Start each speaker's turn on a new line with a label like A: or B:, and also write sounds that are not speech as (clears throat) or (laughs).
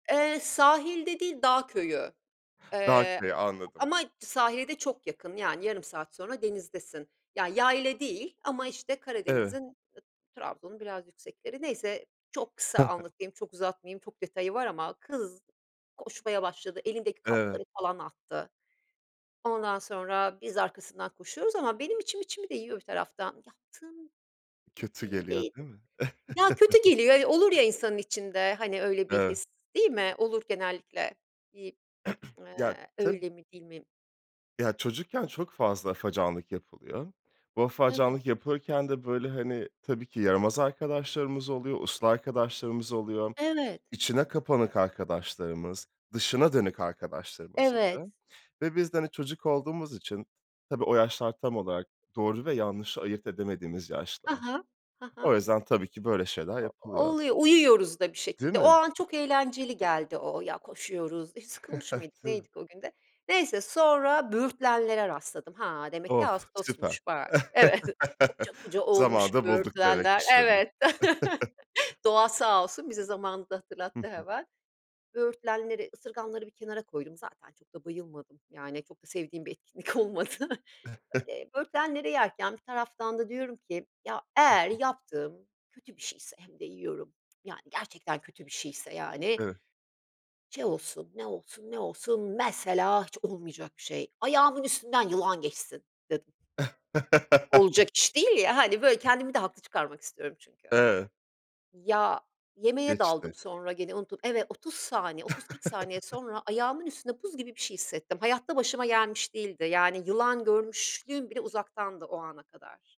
A: Eee, sahilde değil, dağ köyü,
B: Dağ
A: eee, a
B: köyü anladım.
A: ama sahile de çok yakın, yani, yarım saat sonra denizdesin, ya, yayla değil ama, işte,
B: Evet.
A: Karadeniz'in, ı Trabzon'un biraz yüksekleri, neyse, çok
B: He
A: kısa
B: he.
A: anlatayım, çok uzatmayayım, çok detayı var ama kız koşmaya başladı, elindeki
B: Evet.
A: kapları, falan, attı. Ondan sonra biz arkasından koşuyoruz ama benim içim içimi de yiyor bir taraftan yaptığım, i
B: Kötü
A: iyi
B: geliyor
A: değil,
B: değil mi?
A: ya, kötü geliyor, ya, olur
B: (chuckles)
A: ya, insanın içinde, hani, öyle bir
B: Evet.
A: his değil mi? Olur genellikle, iii,
B: (clears throat) Ya
A: eee,
B: tabii.
A: öyle mi değil mi?
B: Ya, çocukken çok fazla afacanlık yapılıyor. Bu
A: Evet.
B: afacanlık yapılırken de böyle, hani, tabii, ki yaramaz arkadaşlarımız oluyor, uslu arkadaşlarımız oluyor,
A: Evet.
B: içine kapanık arkadaşlarımız, dışına dönük arkadaşlarımız
A: Evet.
B: oluyor ve biz de, hani, çocuk olduğumuz için, tabii, o yaşlar tam olarak doğru ve yanlışı ayırt edemediğimiz
A: Hı
B: yaşlar.
A: hı. Hı
B: O
A: hı.
B: yüzden, tabii, ki böyle şeyler
A: O
B: yapılıyor.
A: oluyor, uyuyoruz da, bir
B: Değil
A: şekilde, o
B: mi?
A: an çok eğlenceli geldi, o o, ya, koşuyoruz, hiç
B: (giggles)
A: sıkılmış mıydık,
B: Tabii.
A: neydik o gün de, neyse, sonra böğürtlenlere rastladım. Ha, demek ki
B: Of! Süper.
A: ağustosmuş, bak, evet, (giggles)
B: (chuckles)
A: koca koca olmuş
B: Zamanında bulduk
A: böğürtlenler.
B: demekmiş yani.
A: Evet, (laughs)
B: (chuckles)
A: doğa sağ olsun, bize zamanında
B: Hı
A: hatırlattı
B: hı.
A: hemen. Böğürtlenleri, ısırganları bir kenara koydum. Zaten çok da bayılmadım, yani, çok da sevdiğim bir etkinlik olmadı.
B: (unintelligible)
A: Eee, böğürtlenleri yerken bir taraftan da diyorum ki, ya,
B: Hı
A: eğer
B: hı.
A: yaptığım kötü bir şeyse hem de yiyorum, yani, gerçekten kötü bir şeyse, yani
B: Evet.
A: şey olsun, ne olsun, ne olsun mesela hiç olmayacak bir şey, ayağımın üstünden yılan geçsin dedim.
B: (laughs)
A: Olacak iş değil, ya, hani, böyle kendimi de haklı çıkarmak istiyorum çünkü.
B: Evet.
A: Ya, yemeğe
B: Geçti.
A: daldım sonra gene unuttum. Evet, 30 saniye, 30-40 saniye
B: (chuckles)
A: sonra ayağımın üstünde buz gibi bir şey hissettim. Hayatta başıma gelmiş değildi. Yani, yılan görmüşlüğüm bile uzaktandı o ana kadar.